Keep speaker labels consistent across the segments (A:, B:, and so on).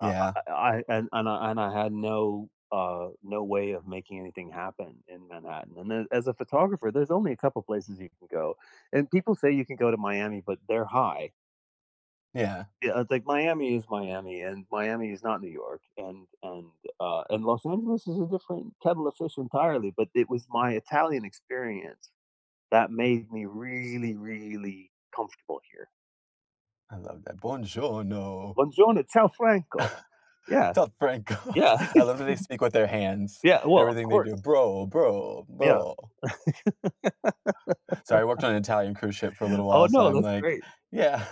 A: Uh uh
B: Yeah.
A: uh uh, I and and, uh, and I had no, uh, no way of making anything happen in Manhattan. And then, as a photographer, there's only a couple places you can go. And people say you can go to Miami, but they're high.
B: Yeah.
A: Yeah, I think Miami is Miami, and Miami is not New York, and and, uh, and Los Angeles is a different kettle of fish entirely, but it was my Italian experience that made me really, really comfortable here.
B: I love that. Buongiorno.
A: Buongiorno, Ciao, Franco. Yeah.
B: Ciao Franco.
A: Yeah.
B: I love when they speak with their hands.
A: Yeah, well, of
B: Everything they
A: course.
B: do. "Bro, bro,
A: Yeah.
B: bro." Sorry, worked on an Italian cruise ship for a little
A: Oh,
B: while, so
A: no,
B: I'm,
A: that's
B: like
A: great.
B: Yeah.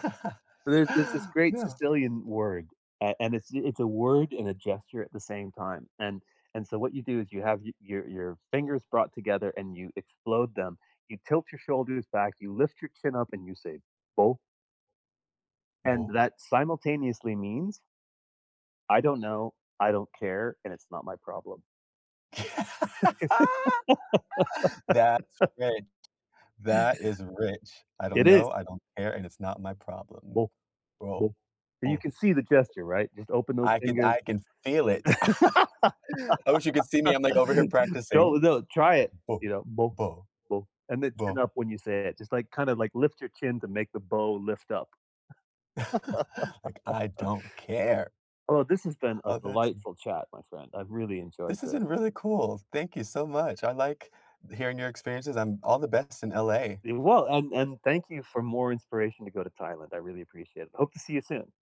A: There's this this great
B: No.
A: Sicilian word a and it's y a word and a gesture at the same time. And and so what you do is you have y your your fingers brought together and you explode them, you tilt your shoulders back, you lift your chin up and you say, "Boh." And
B: Boh?
A: that simultaneously means I don't know. I don't care. And it's not my problem.
B: That's rich. That is rich. I don't
A: It
B: know.
A: is.
B: I don't care, and it's not my problem.
A: Boh.
B: Bro.
A: Boh. But you
B: Boh.
A: can see the gesture, right? Just open those
B: I could
A: fingers.
B: I can feel it. I wish you could see me, I'm, like, over here practicing.
A: Don't no, try it,
B: Boh.
A: you know? Boh.
B: Boh.
A: Boh. And then chin
B: Boh.
A: up when you say it. Just, like, kinda, like, lift your chin to make the Boh lift up.
B: Like, I don't care.
A: Oh, this has been a
B: Oh, that's in
A: delightful chat, my friend. I've really enjoyed
B: This has
A: this.
B: been really cool. Thank you so much. I like th hearing your experiences. I'm all the best in LA.
A: It wa and and thank you for more inspiration to go to Thailand. I really appreciate it. Hope to see you soon.